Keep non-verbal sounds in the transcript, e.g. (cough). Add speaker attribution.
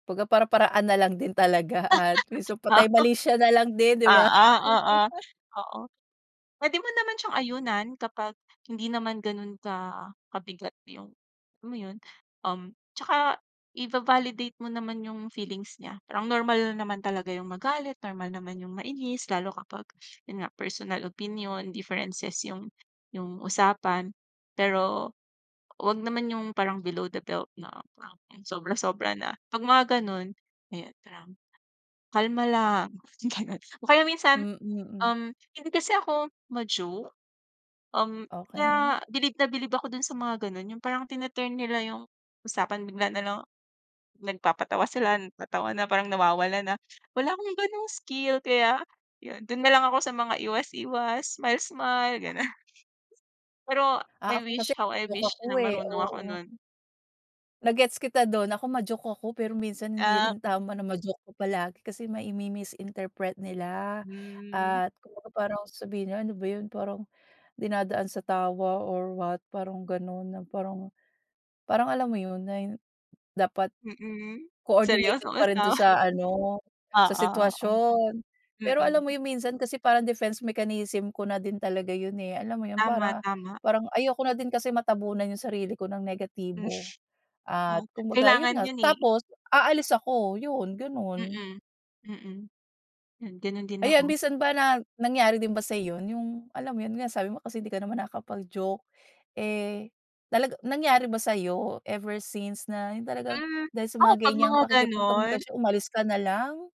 Speaker 1: Pagka para-paraan nalang din talaga at yung sa patay-malisya nalang
Speaker 2: (laughs) Wow.
Speaker 1: din, 'di ba.
Speaker 2: Oo, oo,
Speaker 1: (laughs)
Speaker 2: oo. Puwede mo naman siyang ayunan kapag hindi naman ganun ka kabigat yung alam mo yun? Um, tsaka iva-validate mo naman yung feelings niya. Parang normal naman talaga yung magalit, normal naman yung mainis lalo kapag yun nga, personal opinion, differences yung yung usapan, pero wag naman yung parang below the belt na sobra-sobra na. 'Pag mga gano'n, eh, parang kalma lang, ganun. O kaya minsan,
Speaker 1: Mm, mm.
Speaker 2: um, hindi kasi ako ma-joke. Um,
Speaker 1: Okey.
Speaker 2: kaya bilib na bilib ako dun sa mga gano'n, yung parang tine-turn nila yung usapan, bigla nalang nagpapatawa sila, nagtatawa na, parang nawawala na. Wala akong gano'ng skill kaya yun, dun nalang ako sa mga iwas-iwas, smile-smile, gano'n. Pero,
Speaker 1: Ah,
Speaker 2: I
Speaker 1: ako kasi
Speaker 2: wish, how I
Speaker 1: (unintelligible)
Speaker 2: wish
Speaker 1: ako,
Speaker 2: na
Speaker 1: eh,
Speaker 2: marunong ako
Speaker 1: oo.
Speaker 2: nun.
Speaker 1: Na-gets kita dun. Ako ma-joke ako, pero minsan hindi
Speaker 2: Ah.
Speaker 1: rin tama na ma-joke ka palagi kasi mai mi-misinterpret nila.
Speaker 2: Hmm.
Speaker 1: At kumbaga parang sabihin nila, "Ano ba yun parang dinadaan sa tawa or what." Parang gano'n na parang parang alam mo yun, na dapat
Speaker 2: Mm. Seryoso
Speaker 1: coordinated pa rin dun
Speaker 2: kasama.
Speaker 1: sa ano, sa
Speaker 2: Oo, oo.
Speaker 1: sitwasyon. Pero alam mo
Speaker 2: Mm.
Speaker 1: yun, minsan kasi parang defense mechanism ko na din talaga yun, eh, alam mo yun,
Speaker 2: Tama,
Speaker 1: para
Speaker 2: tama.
Speaker 1: parang ayoko na din kasi matabunan yung sarili ko ng negatibo.
Speaker 2: (laughs)
Speaker 1: At
Speaker 2: Ah,
Speaker 1: kumbaga yun
Speaker 2: kailangan
Speaker 1: nga
Speaker 2: yun, eh.
Speaker 1: tapos aalis ako yun, gano'n.
Speaker 2: Mm, mm. Gano'n din
Speaker 1: Ayan,
Speaker 2: ako.
Speaker 1: minsan ba na nangyari din ba sa'yo yun, yung alam mo yun nga sabi mo kasi hindi ka naman nakakapag-joke, eh, talaga nangyari ba sa'yo ever since na yun talagang
Speaker 2: Hmm,
Speaker 1: dahil sa
Speaker 2: ako
Speaker 1: mga
Speaker 2: 'pag
Speaker 1: ganyang
Speaker 2: mga gano'n
Speaker 1: pakikipagkomunikasyon, umalis ka nalang.